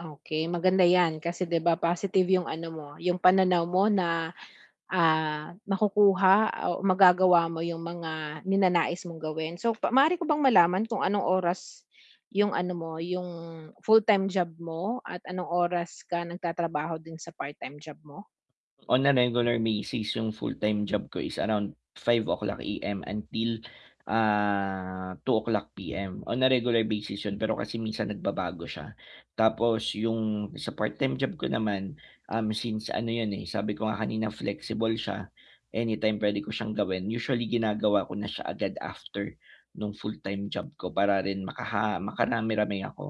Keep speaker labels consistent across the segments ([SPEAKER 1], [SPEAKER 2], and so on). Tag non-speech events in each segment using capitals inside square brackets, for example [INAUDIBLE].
[SPEAKER 1] Okey, maganda 'yan kasi 'di ba, positive 'yong ano mo, 'yong pananaw mo na, ah, makukuha o magagawa mo 'yong mga ninanais mong gawin. So, pa maaari ko bang malaman kung anong oras 'yong ano mo, 'yong full-time job mo at anong oras ka nagtatrabaho din sa part-time job mo?
[SPEAKER 2] On a regular basis, 'yong full-time job ko is around 5:00 AM until, ah, 2:00 PM; on a regular basis 'yon. Pero kasi minsan nagbabago siya. Tapos yung sa part-time job ko naman, um, since ano 'yan, eh, sabi ko nga kanina, flexible siya, anytime pwede ko siyang gawin. Usually ginagawa ko na siya agad after no'ng full-time job ko para rin makaha makarami-rami ako,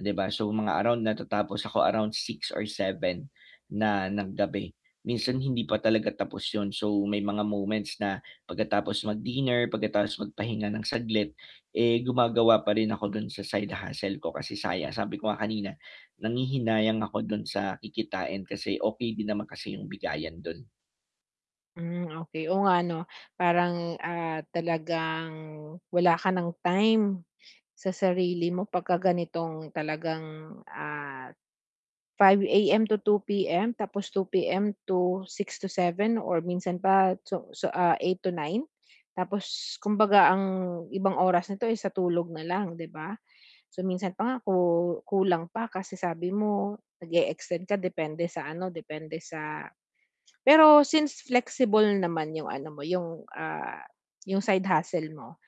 [SPEAKER 2] 'di ba. So mga around natatapos ako around 6:00 or 7:00 na ng gabi. Minsan hindi pa talaga tapos 'yon so may mga moments na pagkatapos mag-dinner, pagkatapos magpahinga ng saglit, eh, gumagawa pa rin ako do'n sa side hustle ko kasi saya sabi ko nga kanina, nanghihinayang ako do'n sa kikitain kasi okey din naman kasi 'yong bigayan do'n.
[SPEAKER 1] Hmm, okey, oo nga, 'no. Parang, ah, talagang wala ka nang time sa sarili mo 'pagka ganitong talagang, ah, 5:00 AM to 2:00 PM tapos 2:00 PM to 6:00 to 7:00 or minsan pa so so, ah, 8:00 to 9:00? Tapos kumbaga ang ibang oras nito, eh, sa tulog na lang, 'di ba? So, minsan pa nga ku kulang pa kasi sabi mo nag-e-extend ka depende sa ano, depende sa pero since flexible naman 'yong ano mo, 'yong, ah, 'yong side hustle mo,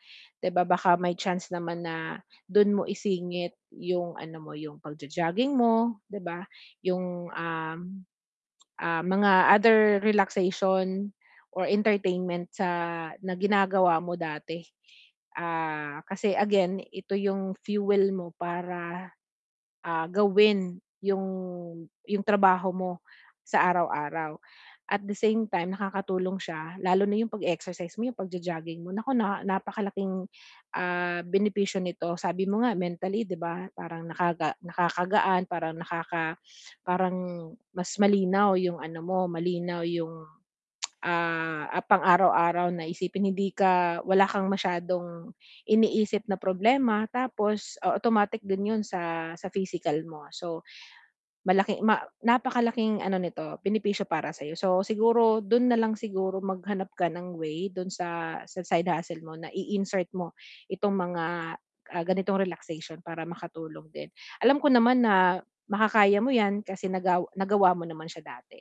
[SPEAKER 1] 'di ba, baka may chance naman na do'n mo isingit yung ano mo, yung pagjo-jogging mo, 'di ba? 'Yong, um, ah, mga other relaxation or entertainment sa na ginagawa mo dati. Ah, kasi again ito 'yong fuel mo para, ah, gawin 'yong 'yong trabaho mo sa araw-araw. At the same time, nakakatulong siya lalo na 'yong pag-e-exercise mo, yung pagjo-jogging mo, naku, naa napakalaking, ah, benepisyo nito, sabi mo nga mentally, 'di ba. Parang nakaga nakakagaan, parang nakaka [SNIFFS] parang mas malinaw 'yong ano mo, malinaw 'yong, ah, ah, pang araw-araw na isipin. Hindi ka wala kang masyadong iniisip na problema tapos o automatic din 'yon sa sa physical mo. So, malaking ma napakalaking ano nito benepisyo para sa'yo. So siguro do'n na lang siguro maghanap ka ng way do'n sa sa side hustle mo na i-insert mo itong mga, ah, ganitong relaxation para makatulong din. Alam ko naman na makakaya mo 'yan kasi nagaw nagawa mo naman siya dati.